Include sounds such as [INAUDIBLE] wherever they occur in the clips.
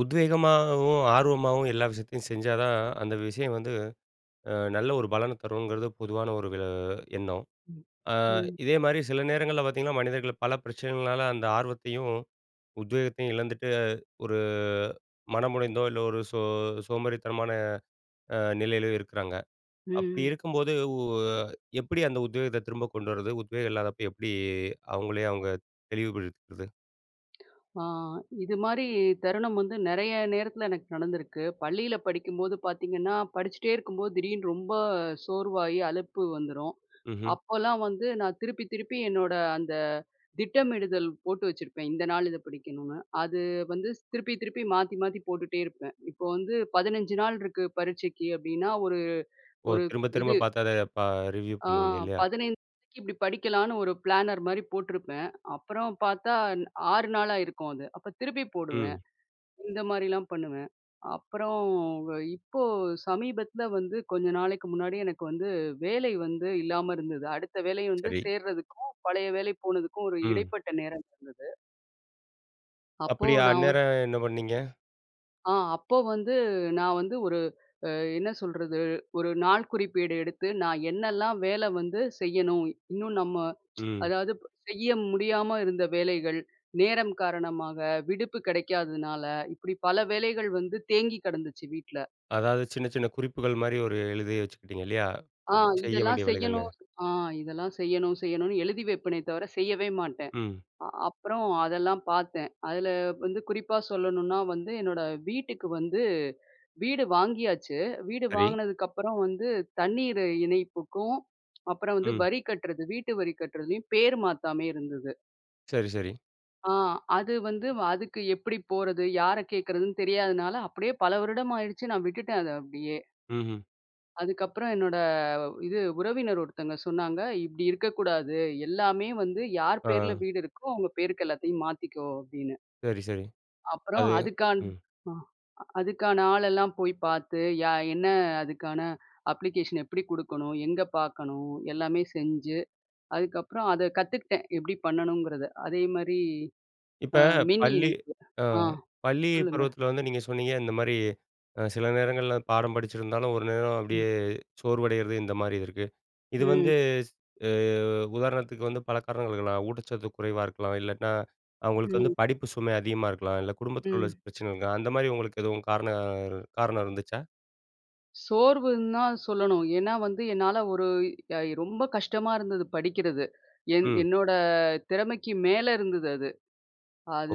உத்வேகமாகவும், ஆர்வமாவும் எல்லா விஷயத்தையும் செஞ்சாதான் அந்த விஷயம் வந்து, அ நல்ல ஒரு பலன தருங்கிறது பொதுவான ஒரு விள எண்ணம். ம், அ ம். இதேமாரி சில நேரங்கள்ல பார்த்தீங்கன்னா, மனிதர்கள் பல பிரச்சனைகள்னால அந்த ஆர்வத்தையும், உத்வேகத்தையும் இழந்துட்டு, ஒரு மனமுடைந்தோ, இல்ல ஒரு சோ சோம்பேறித்தனமான அ நிலையிலயோ இருக்கிறாங்க. ம், அப்பிடி ம். இருக்கும்போது உ எப்பிடி அந்த உத்வேகத்த திரும்ப கொண்டு வர்றது? உத்வேகம் இல்லாதப்ப எப்பிடி அவங்களே அவுங்கள தெளிவுபடுத்திக்கிறது? அ இதுமாரி தருணம் வந்து நெறைய நேரத்துல எனக்கு நடந்திருக்கு. பள்ளியில படிக்கும்போது பார்த்தீங்கன்னா, படிச்சிட்டே இருக்கும்போது திடீர்னு ரொம்ப சோர்வாயி, அழுப்பு வந்துரும். ம்ஹ்ம். அப்பல்லாம் வந்து நான் திருப்பி திருப்பி என்னோட அந்த திட்டமிடுதல் போட்டு வச்சிருப்பேன். இந்த நாளு இத படிக்கணும்னு, அது வந்து திருப்பி திருப்பி. மாத்தி மாத்தி போட்டுட்டே இருப்பேன். இப்ப வந்து 15 நாள் இருக்கு பரீட்சைக்கு அப்பிடின்னா, ஒரு ஓ! ஒரு, திரும்ப திரும்ப இது பார்த்து அத ப ரிவ்யூ அ பண்ணுவீங்க இல்லயா? 15 நாளைக்கி இப்பிடி படிக்கலான்னு ஒரு பிளானர் மாரி போட்டுருப்பேன். அப்புறம் பார்த்தா ன் 6 நாளாயிருக்கும் அது. அப்ப திருப்பி போடுவேன். ம். இந்த மாரிலாம் பண்ணுவேன். அப்புறம், வ இப்போ சமீபத்துல வந்து கொஞ்ச நாளைக்கு முன்னாடி எனக்கு வந்து வேலை வந்து இல்லாம இருந்தது. அடுத்த வேலை வந்து சரி. சேர்றதுக்கும், பழைய வேலை போனதுக்கும் ஒரு ம். இடைப்பட்ட நேரம் இருந்தது. அப்போ அப்டியா, நாவ அந்நேரம் என்ன பண்ணீங்க? அ அப்போ வந்து, நா வந்து ஒரு அ என்ன சொல்றது, ஒரு நாள் குறிப்பேடு எடுத்து நா என்னெல்லாம், வேல வந்து செய்யணும், இன்னும் நம்ம ம். அதாவது, செய்ய முடியாம இருந்த வேலைகள். நேரம் காரணமாக, விடுப்பு கிடைக்காததுனால, இப்படி பல வேலைகள் வந்து தேங்கி கிடந்துச்சு வீட்ல. அதாவது, சின்ன சின்ன குறிப்புகள் மாரி ஒரு எழுதி வச்சுக்கிட்டிங்க இல்லையா? அ செய்ய இதெல்லாம் வேண்டிய வேலைகள்னு. செய்யணும். அ இதெல்லாம் செய்யணும், செய்யணும்னு, எழுதி வப்பேனே தவிர செய்யவே மாட்டேன். ம். அ அப்பறம் அதெல்லாம் பாத்தேன், அதுல வந்து குறிப்பா சொல்லணுன்னா வந்து என்னோட வீட்டுக்கு வந்து வீடு வாங்கியாச்சு, வீடு சரி. வாங்கினதுக்கப்புறம் வந்து தண்ணீரு இணைப்புக்கும், அப்புறம் வந்து ம். வரி கட்டுறது வீட்டு வரி கட்டுறதுலயும், பேர் மாத்தாமயே இருந்தது. சரி, சரி. அ அது வந்து, வ அதுக்கு எப்புடி போறது? யார கேட்குறதுன்னு தெரியாதனால, அப்டியே பல வருடம் ஆயிடுச்சு. நா விட்டுட்டேன் அத அப்டியே. ம்ஹ்ம். அதுக்கப்புறம் என்னோட இது உறவினர் ஒருத்தங்க சொன்னாங்க, இப்டி இருக்கக்கூடாது எல்லாமே வந்து, யார் பேர்ல அ. வீடு இருக்கோ, அவங்க பேருக்கு எல்லாத்தையும் மாத்திக்கோ அப்படின்னு. சரி, சரி. அப்புறம் அது, அதுக்கான் ம். அ அதுக்கான ஆளெல்லாம் போய் பாத்து, யா என்ன அதுக்கான அப்ளிகேஷன் எப்டி குடுக்கணும், எங்க பாக்கணும், எல்லாமே செஞ்சு. அதுக்கப்புறம், அத கத்துக்ட்டேன் எப்டி பண்ணணுங்கிறத. அதேமாரி இப்ப அ மின் பள்ளி இணைப்பு. அ அ, பள்ளி சொல்லுங்க. பருவத்துல வந்து நீங்க சொன்னீங்க, இந்த மாரி, அ சில நேரங்கள்ல பாடம் படிச்சிருந்தாலும், ஒரு நேரம் ம். அப்டியே சோர்வடைறது. இந்த மாரி இருக்கு. இது ம். வந்து, ஸ் அ, உதாரணத்துக்கு வந்து பல காரணங்கள் இருக்கலாம். ஊட்டச்சத்து குறைவா இருக்கலாம் இல்லாட்னா, அவங்களுக்கு வந்து ம். படிப்பு சுமை அதிகமா இருக்கலாம். இல்ல குடும்பத்துக்குள்ள ம். பிரச்சன இருக்கலாம். அந்த மாரி உங்களுக்கு எதுவும் காரணம் காரணம் இருந்துச்சா? சோர்வுன்தா சொல்லணும். ஏன்னா வந்து, என்னால ஒரு அ இ ரொம்ப கஷ்டமா இருந்தது படிக்கிறது. என் ம். என்னோட திறமைக்கு மேல இருந்தது அது.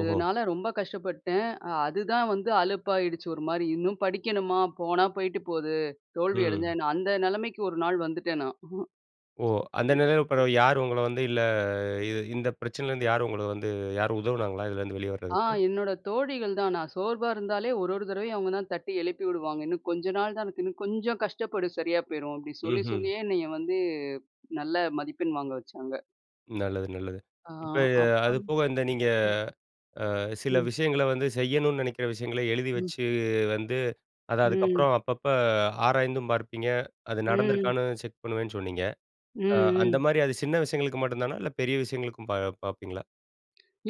ஓஹோ! ரொம்ப கஷ்டப்பட்டேன். அ அதுதான் வந்து அலுப்பாயிடுச்சு ஒரு மாரி, இன்னும் படிக்கணுமா? போனா போயிட்டு போது, தோல்வி அடஞ்சா ம். என்ன? அந்த நெலமைக்கு ஒரு நாள் வந்துட்டேன் நான். ஓ! அந்த நிலையில பெறவு யாரு உங்கள வந்து இல்ல இ இந்த பிரச்சனைல இருந்து யாரு உங்கள வந்து யாரும் உதவுனாங்களா இதுல இருந்து வெளிய ஆ வர்றதுக்கு? என்னோட தோழிகள் தான், நான் சோர்வா இருந்தாலே ஒரோரு தடவையும் அவங்க தான் தட்டி எழுப்பி விடுவாங்க. இன்னும் கொஞ்ச நாள் தான் இருக்கு, இன்னும் கொஞ்சம் கஷ்டப்படு சரியா போயிரும், அப்டி சொல்லி ம்ஹ்ம். சொல்லியே என்னைய வந்து நல்ல மதிப்பெண் வாங்க வச்சாங்க. நல்லது நல்லது. ஆ, இப்ப, அது அப்புறம். போக இந்த நீங்க ம். அ சில ம். விஷயங்கள வந்து செய்யணும்னு நெனைக்கிற விஷயங்கள எழுதி ம். வச்சு, வந்து அத ம். அதுக்கப்புறம் அப்பப்போ ஆராய்ந்தும் பார்ப்பீங்க, அது ம். நடந்துருக்கான்னு செக் பண்ணுவேன்னு சொன்னீங்க. ம், அ ம். அந்தமாரி அது சின்ன விஷயங்களுக்கு மட்டும் தானா? இல்ல பெரிய விஷயங்களுக்கும் பா பாப்பீங்களா?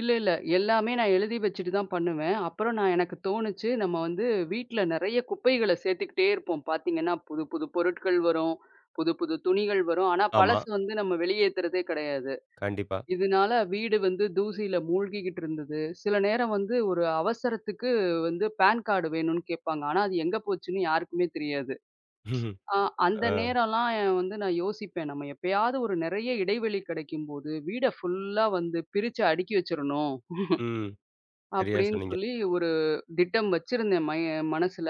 இல்ல, இல்ல. எல்லாமே நா எழுதி வச்சுட்டு தான் பண்ணுவேன். அப்புறம் நா எனக்கு தோணுச்சு, நம்ம வந்து வீட்ல நெறைய குப்பைகள சேத்துக்கிட்டே இருப்போம். பாத்தீங்கன்னா, புதுப்புது பொருட்கள் வரும், புதுப்புது துணிகள் வரும். ஆனா, ஆமா. பழசு வந்து நம்ம வெளியேத்துறதே கெடயாது. கண்டிப்பா. இதுனால, வீடு வந்து தூசியில மூழ்கிகிட்டு இருந்தது. சில நேரம் வந்து ஒரு அவசரத்துக்கு வந்து பேன் காடு வேணும்னு கேப்பாங்க. ஆனா, அது எங்க போச்சுன்னு யாருக்குமே தெரியாது. [CHUCKLES] அ அந்த ஆ. நேரல்லாம் வந்து நான் யோசிப்பேன், நம்ம எப்பயாது ஒரு நெறைய இடைவெளி கெடைக்கும்போது, வீட ஃபுல்லா வந்து பிரிச்சு அடுக்கி வச்சரணும், ம். [CHUCKLES] சரியா அப்டின்னு சொன்னீங்க. சொல்லி ஒரு திட்டம் வச்சிருந்தேன் மய மனசுல,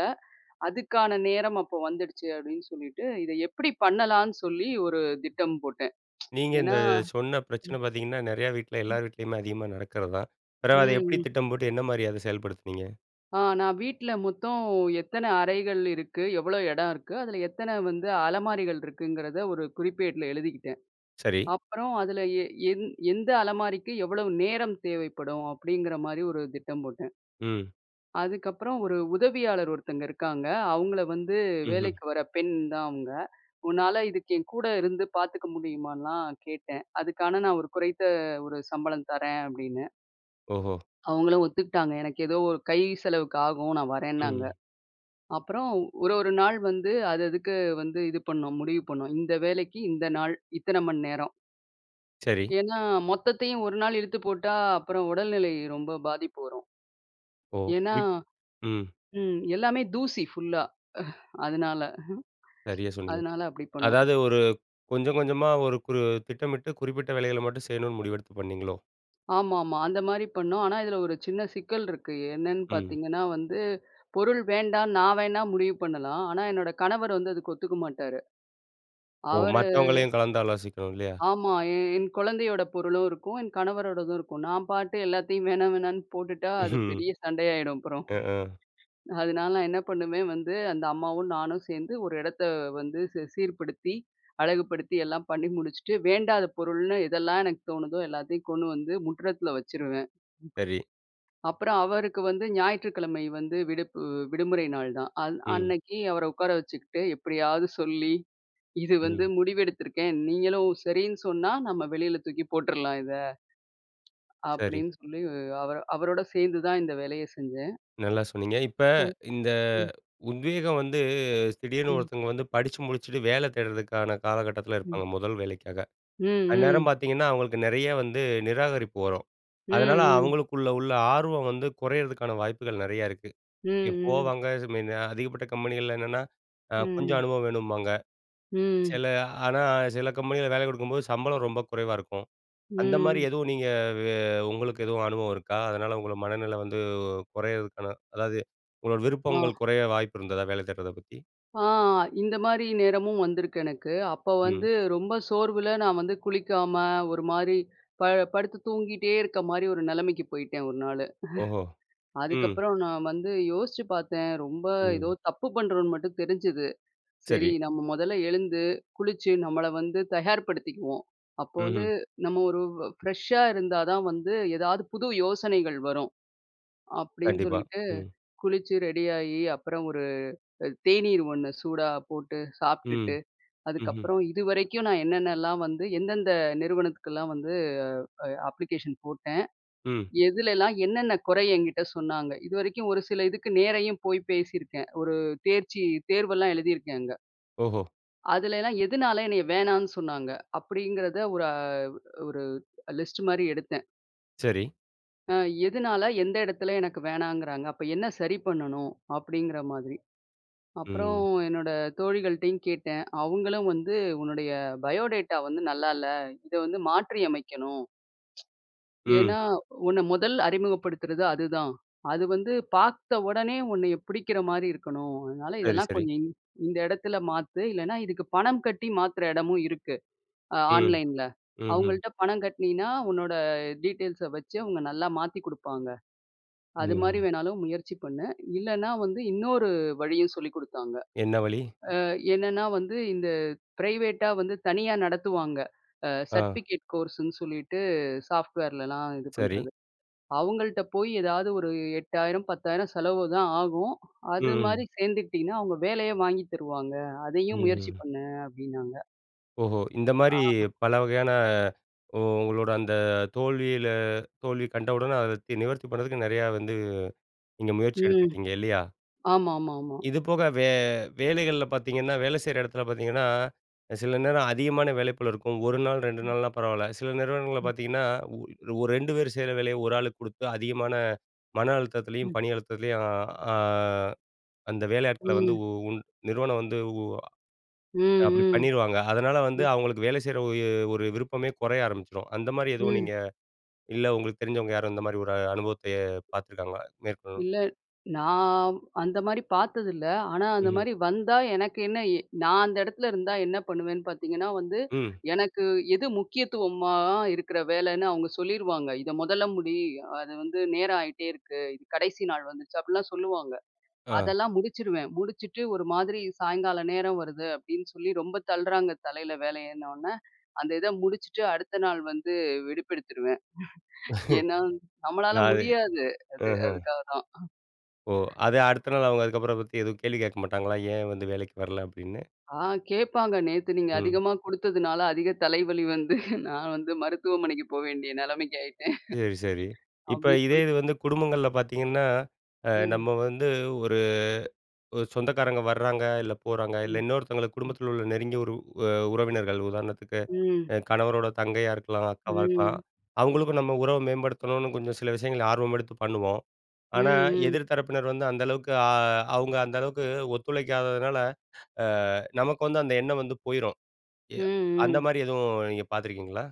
அதுக்கான நேரம் அப்போ வந்துடுச்சு அப்டின்னு சொல்லிட்டு, இத எப்டி பண்ணலான்னு சொல்லி ஒரு திட்டம் போட்டேன். நீங்க இந்த ஏன்னா, சொன்ன ம். பிரச்சன பாத்தீங்கன்னா, நெறைய வீட்டுல ம். எல்லார் வீட்லேயுமே அதிகமா நடக்குறதான். ம், பெறவு அத எப்டி ம். திட்டம் போட்டு, என்ன மாதிரி அத செயல்படுத்துனீங்க? அ நான் வீட்ல மொத்தம் எத்தன அறைகள் இருக்கு, எவ்ளோ இடம் இருக்கு, அதுல எத்தன வந்து அலமாரிகள் இருக்குங்கிறத ஒரு குறிப்பேட்ல எழுதிக்கிட்டேன். சரி. அப்றம் அதுல எ எ எந்த அலமாரிக்கு எவ்வளவு நேரம் தேவைப்படும் அப்டிங்கிற மாரி ஒரு திட்டம் போட்டேன். ம். அதுக்கப்பறம் ஒரு உதவியாளர் ஒருத்தங்க இருக்காங்க. அவுங்கள வந்து ம்ஹ்ம். வேலைக்கு வர பெண் தான் அவுங்க. உன்னால இதுக்கு என் கூட இருந்து பாத்துக்க முடியுமான்லா கேட்டேன். அதுக்கான நான் ஒரு குறைத்த ஒரு சம்பளம் தரேன் அப்டின்னு. ஓஹோ! அவுங்களும் ஒத்துக்கிட்டாங்க. எனக்கு ஏதோ ஒரு கை செலவுக்கு ஆகும் நான் வரேன்னாங்க. ம். அப்பறோ ஒரு ஒரு நாள் வந்து அது அதுக்கு வந்து இது பண்ணோம் முடிவு பண்ணோம். இந்த வேலக்கி இந்த நாள், இத்தனை மணி நேரம். சரி. ஏன்னா, மொத்தத்தையும் ஒரு நாள் இழுத்து போட்டா, அப்புறம் உடல்நிலை ரொம்ப பாதிப்பு வரும். ஓ! ஏன்னா இப் ம். ம் எல்லாமே தூசி ஃபுல்லா. அதனால சரியா சொன்னீங்க. அதனால அப்படி பண்ணோம். அதாவது ஒரு கொஞ்சம் கொஞ்சமா ஒரு குறு திட்டமிட்டு குறிப்பிட்ட வேலைகள மட்டும் செய்யணு முடிவெடுத்து பண்ணீங்களோ? ஆமாமா. அந்த மாரி பண்ணோம். ஆனா, இதுல ஒரு சின்ன சிக்கல் இருக்கு. என்னன்னு ம். பாத்தீங்கன்னா, வந்து பொருள் வேண்டா நான் வேணா முடிவு பண்ணலாம். ஆனா என்னோட கணவர் வந்து அதுக்கு ஒத்துக்க மாட்டாரு. ஓ! அவரு மத்தவங்களையும் கலந்து ஆலோசிக்கணு இல்லையா? ஆமா. எ எ என் கொழந்தையோட பொருளும் இருக்கும், என் கணவரோடதும் இருக்கும். நான் பாட்டு எல்லாத்தையும் வேணா வேணான்னு போட்டுட்டா அது [LAUGHS] பெரிய சண்டையாயிடும் அப்புறம். அ. அ. அதுனால நான் என்ன பண்ணுவேன் வந்து அந்த அம்மாவும் நானு சேந்து ஒரு இடத்த வந்து சி சீர்படுத்தி அழகுபடுத்தி எல்லாம் பண்ணி முடிச்சுட்டு, வேண்டாத பொருள்னு எதெல்லாம் எனக்கு தோணுதோ எல்லாத்தையும் கொண்டு வந்து முற்றத்துல வச்சுருவேன். சரி. அப்பறம் அவருக்கு வந்து ஞாயிற்றுக்கிழமை வந்து விடுப்பு. வி விடுமுறை நாள் தான். அந் ம். அன்னக்கி அவர உக்கார வச்சுக்கிட்டு எப்படியாது சொல்லி "இது வந்து ம். முடிவெடுத்திருக்கேன். நீங்களும் சரின்னு சொன்னா நம்ம வெளில தூக்கி போட்டுறலாம் இத." சரி. அப்படின்னு சொல்லி [UNINTELLIGIBLE] அவரோட சேந்து தான் இந்த வேலைய செஞ்சேன். நல்லா சொன்னீங்க. இப்ப ம். இந்த ம். உத்வேகம் வந்து திடீர்னு ம். ஒருத்தவங்க வந்து படிச்சு முடிச்சுட்டு வேலை தேடுறதுக்கான காலகட்டத்துல ம். இருப்பாங்க முதல் வேலைக்காக, ம். ம். அந்நேரம் பாத்தீங்கன்னா அவுங்களுக்கு நெறைய வந்து நிராகரிப்பு வரும். அதனால ம். ம். அவங்களுக்குள்ள உள்ள ஆர்வம் வந்து குறையிறதுக்கான வாய்ப்புகள் நெறையா இருக்கு. ம். இ ம். போவாங்க இந்த மாரி அதிகப்பட்ட கம்பெனிகள்ல என்னன்னா, அ கொஞ்சம் ம். அனுபவம் வேணும்பாங்க. ம். சில ஆனா சில கம்பெனிகள்ல வேல குடுக்கும்போது சம்பளம் ரொம்ப குறைவா இருக்கும். அந்த மாரி ம். எதுவும் நீங்க வே உங்களுக்கு எதுவும் அனுபவம் இருக்கா? அதனால உங்களோட மனநில வந்து குறையறதுக்கான அதாவது உங்களோட ஆ. விருப்பங்கள் குறைய வாய்ப்பு இருந்ததா, வேல தேடுறத பத்தி. ஆ! இந்தமாரி நேரமும் வந்திருக்கு எனக்கு. அப்ப ம். வந்து ரொம்ப சோர்வுல நான் வந்து குளிக்காம ஒருமாரி ப படுத்து தூங்கிட்டே இருக்கமாரி ஒரு நிலைமைக்கு போயிட்டேன் ஒரு நாளு. ஓஹோ! [CHUCKLES] ம். அதுக்கப்பறம் நான் வந்து யோசிச்சு பார்த்தேன். ரொம்ப ஏதோ ம். தப்பு பண்ணுறோன்னு மட்டும் தெரிஞ்சது. சரி சரி. நம்ம முதல்ல எழுந்து, குளிச்சு, நம்மள வந்து தயார்ப்படுத்திக்குவோம். அப்போ வந்து ம்ஹ்ம். நம்ம ஒரு ஃப்ரெஷா இருந்தா தான் வந்து, ஏதாவது புது யோசனைகள் வரும், அப்பிடின்னு கண்டிப்பா. சொல்லிட்டு ம். குளிச்சு ரெடியாயி, அப்பறம் ஒரு அ தேநீர் ஒண்ணு சூடா போட்டு ம், சாப்பிட்டுட்டு, ம்ஹ்ம். அதுக்கப்பறம் இதுவரைக்கும் நான் என்னென்னலாம் வந்து, எந்தெந்த நிறுவனத்துக்கெல்லாம் வந்து அ அப்ளிகேஷன் போட்டேன், ம். எதுலலாம் என்னென்ன குறை என்கிட்ட சொன்னாங்க, இதுவரைக்கும் ஒரு சில இதுக்கு நேரையும் போய் பேசியிருக்கேன். ஒரு தேர்ச்சி தேர்வெல்லாம் எழுதியிருக்கேன் அங்க, ஓஹோ! அதுலெல்லாம் எதனால என்னைய வேணானு சொன்னாங்க, அப்பிடிங்கிறத ஒரு அ ஒரு லிஸ்ட் மாதிரி எடுத்தேன். சரி. அ எதுனால, எந்த இடத்துல எனக்கு வேணாங்குறாங்க, அப்ப என்ன சரி பண்ணணும்? அப்பிடிங்கிற மாதிரி. அப்பறம், ம். என்னோட தோழிகள்ட்டேயும் கேட்டேன். அவுங்களும் வந்து, "உன்னுடைய பயோடேட்டா வந்து நல்லா இல்ல. இத வந்து மாற்றி அமைக்கணும்." ம். ஏன்னா, உன்ன முதல் அறிமுகப்படுத்துறது அதுதான். அது வந்து பார்த்த உடனே, உன்னைய பிடிக்கிறமாரி இருக்கணும். அதனால சரி, இதெல்லாம் சரி. கொஞ்சம் இந் இந்த இடத்துல மாத்து. இல்லன்னா, இதுக்கு பணம் கட்டி மாத்துற இடமும் இருக்கு, அ ம், ஆன்லைன்ல. ம்ஹ்ம். அவுங்கள்ட்ட பணம் கட்டுனின்னா, உன்னோட டீட்டெயில்ஸ வச்சு, அவுங்க நல்லா மாத்தி குடுப்பாங்க. அதுமாரி ம். வேணாலும் முயற்சி பண்ணு. இல்லன்னா வந்து இன்னொரு வழியும் சொல்லிக் கொடுத்தாங்க. என்ன வழி? அ என்னன்னா வந்து, இந்த ப்ரைவேட்டா வந்து தனியா நடத்துவாங்க. அ அ. சர்டிஃபிக்கேட் கோர்ஸுன்னு சொல்லிட்டு சாஃப்ட்வேர்லலாம் இது சரி. பண்றது. அவங்கள்ட்ட போய் ஏதாவது ஒரு ரூ. 8000, ரூ. 10000 செலவுதான் ஆகும். ம், அதுமாரி ம். சேர்ந்திட்டின்னா, அவுங்க வேலையே வாங்கி தருவாங்க. ம், அதையும் முயற்சி ம். பண்ணு, அப்பிடினாங்க. ஓஹோ! இந்த மாரி, ஆமா. பலவகையான, ஓ உங்களோட அந்த தோல்வியில தோல்வி கண்டவுடன அத தி நிவர்த்தி பண்ணதுக்கு நெறையா வந்து, நீங்க முயற்சி ம். எடுத்துருக்கீங்க, இல்லையா? ஆமாமாமா. [EXHALES] இதுபோக வே வேலைகள்ல பார்த்தீங்கன்னா, வேலை செய்யுற இடத்துல பார்த்தீங்கன்னா, சில நேரம் அதிகமான வேலை பளு இருக்கும். 1 நாள், 2 ம். நாள்னா பரவால்ல. சில நிறுவனங்கள்ல ம். பார்த்தீங்கன்னா, ஒர் ஒரு 2 பேரு செய்யிற வேலைய ஒரு ஆளுக்கு குடுத்து, அதிகமான மன அழுத்தத்துலயும், ம். பணி அழுத்தத்துலயும் அ ஆ, அந்த வேலையாட்கள வந்து ம். உ உன் நிறுவனம் வந்து உ ம், அ, அப்படி ம். பண்ணிருவாங்க. அதனால வந்து, ம். அவங்களுக்கு வேலை செய்யிற ஒரு ஒரு விருப்பமே கொறைய ஆரம்பிச்சிரும். அந்த மாரி எதுவும் ம். நீங்க, இல்ல உங்களுக்கு தெரிஞ்சவங்க யாரும் இந்த மாரி ஒரு அனுபவத்தை பார்த்துருக்காங்களா?. [UNINTELLIGIBLE] இல்ல. நான் அந்த மாரி பார்த்ததில்ல. ஆனா அந்த ம்ஹ்ம். மாரி வந்தா, எனக்கு என்ன எ நான் அந்த இடத்துல இருந்தா என்ன பண்ணுவேன்னு பார்த்தீங்கன்னா வந்து, ம். எனக்கு எது முக்கியத்துவமா இருக்குற வேலன்னு அவங்க சொல்லிருவாங்க. "இத மொதல்ல முடி. அது வந்து நேரம் ஆயிட்டே இருக்கு. இது கடைசி நாள் வந்துருச்சு." அப்படிலாம் சொல்லுவாங்க. அ. அதெல்லாம் முடிச்சுருவேன். முடிச்சுட்டு, ஒரு மாதிரி சாயங்காலம் நேரம் வருது அப்படின்னு சொல்லி, ரொம்ப தள்ளுறாங்க தலையில வேலையன்ன உடன [INHALES] அந்த இத முடிச்சுட்டு, அடுத்த நாள் வந்து விடுப்பெடுத்துருவேன். [CHUCKLES] ஏன்னா [CHUCKLES] நம்மளால .நான் அது முடியாது, அது. ம்ஹ்ம். அதுக்காக தான். ஓ! அது [INHALES] ம். அடுத்த நாள், அவங்க அதுக்கப்பறம் அதபத்தி எதுவும் கேள்வி கேட்க மாட்டாங்களா? "ஏன் வந்து வேலைக்கு வரல?" அப்படின்னு. ஆ, கேட்பாங்க. "நேத்து நீங்க ம். அதிகமா குடுத்ததுனால அதிக தலைவலி வந்து, [CHUCKLES] நான் வந்து மருத்துவமனைக்கு போவேண்டிய நிலைமைக்கு ஆயிட்டேன்." சரி, சரி. [CHUCKLES] இப்ப அப்படின்னு இதே சொல் இது வந்து குடும்பங்கள்ல பார்த்தீங்கன்னா, அ ம். நம்ம வந்து ஒரு ஒரு சொந்தக்காரங்க வராங்க, இல்ல போறாங்க. இல்ல ம். இன்னொருத்தங்களுக்கு ம். குடும்பத்துல உள்ள நெருங்கிய ஒரு அ உறவினர்கள் உதாரணத்துக்கு, ம். அ கணவரோட தங்கையா இருக்கலாம், அக்காவா இருக்கலாம், ம். அவங்களுக்கும் நம்ம உறவ மேம்படுத்தணும்னு கொஞ்சம் சில விஷயங்கள ஆர்வம் எடுத்து பண்ணுவோம். ம், ஆனா, ம். எதிர் தரப்பினர் வந்து அந்த அளவுக்கு அ, அவுங்க அந்த அளவுக்கு ஒத்துழைக்காததுனால, அ நமக்கு வந்து அந்த எண்ணம் வந்து போயிரும். எ ம், அந்த ம். மாரி எதுவும் நீங்க பார்த்துருக்கீங்களா?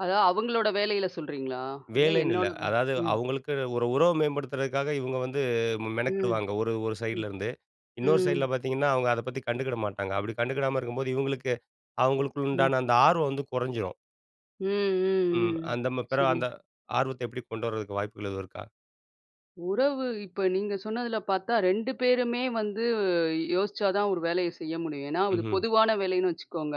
அதான், அவங்களோட வேலையில சொல்றீங்களா? இல்ல வேலைன்னு இல்ல. என்னோடதா? அதாவது, ம். அவங்களுக்கு, ஒரு உறவு மேம்படுத்துற்துக்காக இவங்க வந்து மெ ம், மெனக்கிடுவாங்க. ஒரு ஒரு ம், சைடுல இருந்து. இன்னொரு சைடுல ம். பார்த்தீங்கன்னா அவங்க அதப்பத்தி கண்டுக்குட மாட்டாங்க. அப்படி கண்டுக்குடாம இருக்கும்போது, இவங்களுக்கு அவங்களுக்கு ம். உண்டான அந்த ஆர்வம் வந்து குறஞ்சுரும். ம், ம், ம். ம், ம், அந்த ம பிறகு சரி. அந்த, ஆர்வத்த எப்படி கொண்டு வரதுக்கு வாய்ப்புகள் எதுவும் இருக்கா? உறவு. இப்ப நீங்க சொன்னதுல பாத்தா 2 பேருமே வந்து, யோசிச்சா தான் ஒரு வேலைய செய்ய முடியும். ஏன்னா, ஒரு ம்ஹ்ம். பொதுவான வேலைன்னு வச்சுக்கோங்க,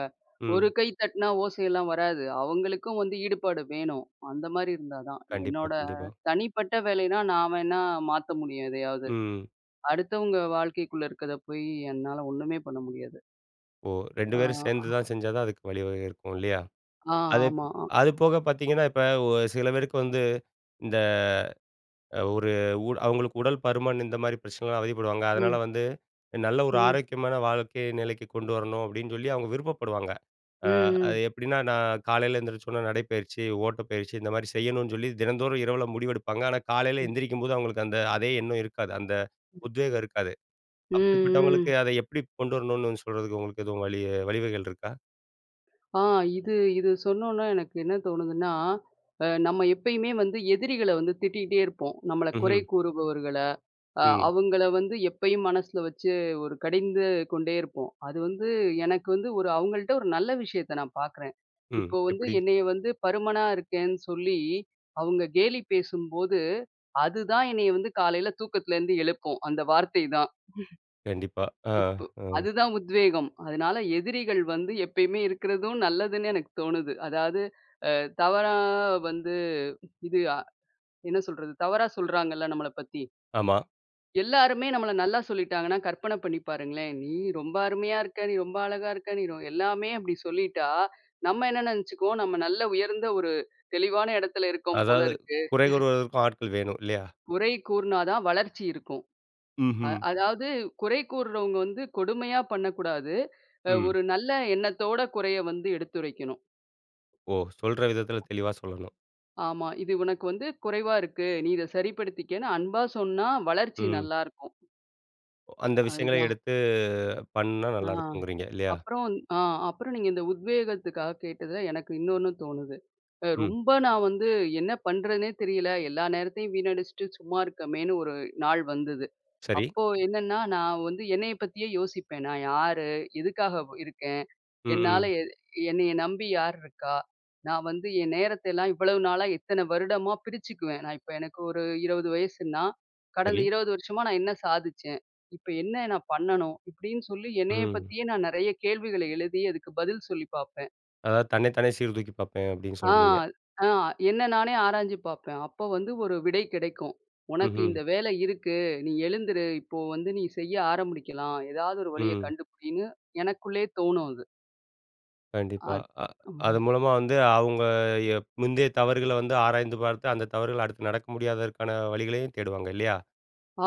ஒரு ம். கை தட்டுனா ஓசையெல்லாம் வராது. அவங்களுக்கும் வந்து ஈடுபாடு வேணும். அந்த மாரி இருந்தா தான். கண்டிப்பா, என்னோட கண்டிப்பா. தனிப்பட்ட வேலைனா நான் வேணா மாத்த முடியும் எதையாவது, ம். அடுத்தவங்க வாழ்க்கைக்குள்ள இருக்கத போயி என்னால ஒண்ணுமே பண்ண முடியாது. ஓ! 2 அ பேரும் சேர்ந்துதான் செஞ்சாதான் அதுக்கு வழிவகை இருக்கும் இல்லையா? அ, அதுப் ஆமா அ. அது போக பார்த்தீங்கன்னா, இப்ப வ சில பேருக்கு வந்து இந்த அ ஒரு உட அவங்களுக்கு உடல் பருமன், இந்த மாரி பிரச்சனைலாம் அவதிப்படுவாங்க. அதனால ம். வந்து, நல்ல ஒரு ம். ஆரோக்கியமான வாழ்க்கைய நிலைக்கு கொண்டு வரணும். அப்படின்னு சொல்லி அவங்க விருப்பப்படுவாங்க. ம், அ, ம். அது எப்டின்னா? நான் காலைல எந்திரிச்சோன நடைப்பயிற்சி, ஓட்டப்பயிற்சி, இந்த மாரி செய்யணும்னு சொல்லி தினந்தோறும் இரவுல முடிவெடுப்பாங்க. ஆனா, காலைல ம். எந்திரிக்கும்போது அவங்களுக்கு அந்த, அதே எண்ணம் இருக்காது. அந்த ம். உத்வேகம் இருக்காது. ம், அப்படிப்பட்டவங்களுக்கு, ம். அத எப்படி கொண்டு வரணும்னு சொல்றதுக்கு உங்களுக்கு எதும் வழி வழிவகைகள் இருக்கா? அ இது இது சொன்னோன எனக்கு என்ன தோணுதுன்னா, அ நம்ம எப்பயுமே வந்து எதிரிகள வந்து திட்டிட்டே இருப்போம். நம்மள குறை ம்ஹ்ம். கூறுபவர்கள, அ ம். அவுங்கள வந்து எப்பயும் மனசுல வச்சு, ஒரு கடிந்து கொண்டே இருப்போம். அது வந்து, எனக்கு வந்து ஒரு அவங்கள்ட்ட ஒரு நல்ல விஷயத்த நான் பார்க்குறேன். ம். இப்போ வந்து எப்பிடி? என்னைய வந்து பருமனா இருக்கேன்னு சொல்லி, அவுங்க கேலி பேசும்போது, அதுதான் என்னைய வந்து காலைல தூக்கத்துலருந்து எழுப்பும், அந்த வார்த்தை தான். கண்டிப்பா. அ, ம்ஹ்ம். இப்பு அ. அதுதான் உத்வேகம். அதனால எதிரிகள் வந்து எப்பயுமே இருக்கறதும் நல்லதுன்னு எனக்கு தோணுது. அதாவது அ தவறா வந்து, இது அ என்ன சொல்றது? தவறா சொல்றாங்கள்ல நம்மள பத்தி. ஆமா. எல்லாருமே நம்மள நல்லா சொல்லிட்டாங்கன்னா, கற்பன பண்ணி பாருங்களேன், "நீ ரொம்ப அருமையா இருக்க! நீ ரொம்ப அழகா இருக்க! நீ ரொ" எல்லாமே அப்பிடி சொல்லிட்டா, நம்ம என்ன நெனச்சிக்குவோம், "நம்ம நல்ல உயர்ந்த ஒரு, தெளிவான இடத்துல இருக்கோம் அதாவது, போலருக்கு." குறை [CHUCKLES] கூறுவதற்கும் ஆட்கள் வேணும். இல்லயா? குறை கூறுனாதான் வளர்ச்சி இருக்கும். அ ம்ஹ்ம். அதாவது குறை கூறுறவுங்க வந்து கொடுமையா பண்ணக்கூடாது. அ ம். ஒரு நல்ல எண்ணத்தோட குறைய வந்து எடுத்துரைக்கணும். ஓ! சொல்ற விதத்துல தெளிவா சொல்லணும். ஆமா. இது உனக்கு வந்து குறைவா இருக்கு. நீ இதை சரிப்படுத்திக்கன்னு அன்பா சொன்னா, வளர்ச்சி ம். நல்லா இருக்கும். ஓ அந்த விஷயங்கள அதுதான். எடுத்து பண்ணுணா ஆ. நல்லாருக்குங்குறீங்க, இல்லையா? அப்பறம் இந் ஆ அப்பறம் நீங்க இந்த உத்வேகத்துக்காக கேட்டதுல, எனக்கு இன்னொன்னு தோணுது. அ ம். ரொம்ப நான் வந்து என்ன பண்ணுறதுன்னே தெரியல, எல்லா நேரத்தையும் வீணடிச்சிட்டு சும்மா இருக்கமேன்னு ஒரு நாள் வந்தது. சரி. அப்போ என்னன்னா, நான் வந்து என்னைய பத்தியே யோசிப்பேன், நான் யாரு? எதுக்காக வ் இருக்கேன்? ம், என்னால ம். எ என்னைய நம்பி யார் இருக்கா? நான் வந்து என் நேரத்த எல்லாம் இவ்வளவு நாளா, இத்தன வருடமா பிரிச்சுக்குவேன். நான் இப்ப எனக்கு ஒரு 20 வயசுன்னா, கடந்த சரி. 20 வருஷமா நான் என்ன சாதிச்சேன்? இப்ப என்ன நான் பண்ணணும்? இப்டின்னு சொல்லி என்னய ம். பத்தியே நான் நெறைய கேள்விகள எழுதி அதுக்கு பதில் சொல்லி பாப்பேன். அதாது, தன்னை தானே சீர் தூக்கி பாப்பேன் அப்டீன்னு ஆ, சொல்றீங்க? ஆ. என்ன நானே ஆராய்ஞ்சு பாப்பேன். அப்போ வந்து ஒரு விடை கிடைக்கும். உனக்கு ம்ஹ்ம். இந்த வேலை இருக்கு, நீ எழுந்துரு, இப்போ வந்து நீ செய்ய ஆரமுடிக்கலாம். ஏதாவது ஒரு வழிய ம். கண்டுபிடின்னு, எனக்குள்ளேயே தோணும் அது. கண்டிப்பா. அத் அ அது ம். மூலமா வந்து அவங்க ய முந்தைய தவறுகள வந்து ஆராய்ந்து பார்த்து, அந்த தவறுகள அடுத்து நடக்க முடியாததற்கான வழிகளயும் தேடுவாங்க. இல்லையா?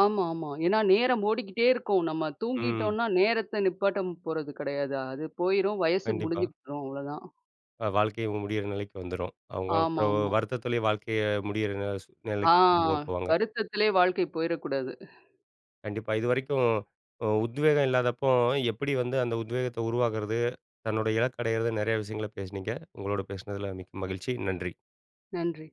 ஆமா, ஆமா. ஏன்னா நேரம் ஓடிக்கிட்டே இருக்கும். நம்ம ம். தூங்கிட்டோன்னா, நேரத்த நிப்பாட்ட போறது கிடையாது. அது போயிரும், வயசு கண்டிப்பா. முடிஞ்சுகிட்டுரும் அவ்ளோதான். அ வாழ்க்கையே முடியிற நிலைக்கு வந்துரும். அவங்க அப்புறம், ஆமாமா. வருத்தத்திலயே வாழ்க்கைய முடியிற சூ ஆ. நிலைக்கு கொண்டு போ போவாங்க. வருத்தத்திலே வாழ்க்கை போயிறக்கூடாது. [LAUGHS] கண்டிப்பா. இதுவரைக்கும் ம் உத்வேகம் இல்லாதப்போ, எப்படி வந்து அந்த உத்வேகத்த உருவாக்குறது? தன்னோட இலக்க அடையிறதுனு, நெறைய விஷயங்கள பேசுனீங்க. உங்களோட பேசுனதுல மிக்க மகிழ்ச்சி. நன்றி. நன்றி.